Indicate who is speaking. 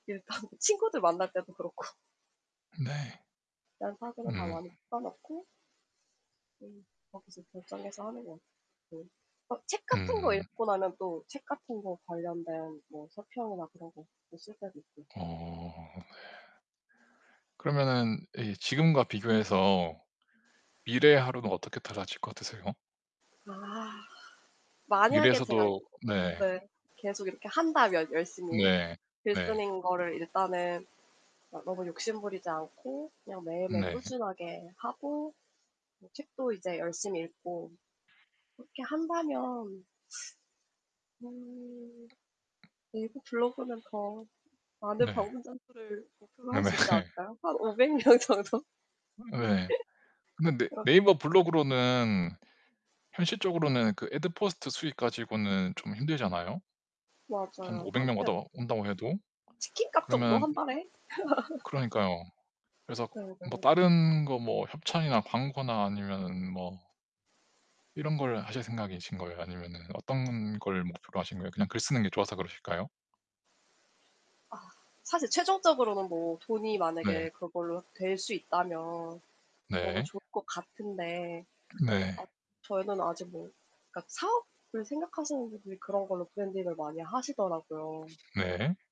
Speaker 1: 일단 친구들 만날 때도 그렇고
Speaker 2: 네.
Speaker 1: 일단 사진은 다
Speaker 2: 음.
Speaker 1: 많이 뽑아 놓고 네. 거기서 결정해서 하는 것 같아요. 네. 어 책 같은 거
Speaker 2: 음.
Speaker 1: 읽고 나면 또 책 같은 거 관련된 뭐 서평이나 그런 거 뭐 쓸 때도 있고요.
Speaker 2: 어 네.
Speaker 1: 음.
Speaker 2: 그러면은 이 지금과 비교해서 미래의 하루는 어떻게 달라질 것 같으세요?
Speaker 1: 아. 만약에 제가
Speaker 2: 미래에서도 네.
Speaker 1: 네 계속 이렇게 한다면 열심히
Speaker 2: 네.
Speaker 1: 글
Speaker 2: 네.
Speaker 1: 쓰는 거를, 일단은 아 너무 욕심 부리지 않고 그냥 매일매일
Speaker 2: 네.
Speaker 1: 꾸준하게 하고 뭐 책도 이제 열심히 읽고 그렇게 한다면 음 네이버 블로그는 더 많은
Speaker 2: 네.
Speaker 1: 방문자 수를 목표로 할
Speaker 2: 네네.
Speaker 1: 수 있지 않을까요? 한 500 명 정도?
Speaker 2: 어 예. 근데 네
Speaker 1: 그렇긴 하
Speaker 2: 네이버 블로그로는 현실적으로는 그 애드포스트 수익 가지고는 좀 힘들잖아요 한
Speaker 1: 맞아요.
Speaker 2: 500
Speaker 1: 1
Speaker 2: 명
Speaker 1: 편
Speaker 2: 와더 온다고 해도?
Speaker 1: 치킨값 정도
Speaker 2: 그러면
Speaker 1: 1 달에?
Speaker 2: 그러니까요. 그래서 뭐
Speaker 1: 네네.
Speaker 2: 다른 거 뭐 협찬이나 광고나 아니면은 뭐 이런 걸 하실 생각이신 거예요? 아니면은 어떤 걸 목표로 하시는 거예요? 그냥 글 쓰는 게 좋아서 그러실까요?
Speaker 1: 아 사실 최종적으로는 뭐 돈이
Speaker 2: 네.
Speaker 1: 만약에 그걸로 될 수 있다면 너무
Speaker 2: 네.
Speaker 1: 좋을 것 같은데
Speaker 2: 네.
Speaker 1: 앗 저희는 아직 뭐 그러니까 사업을 생각하시는 분들이 그런 걸로 브랜딩을 많이 하시더라고요.
Speaker 2: 네.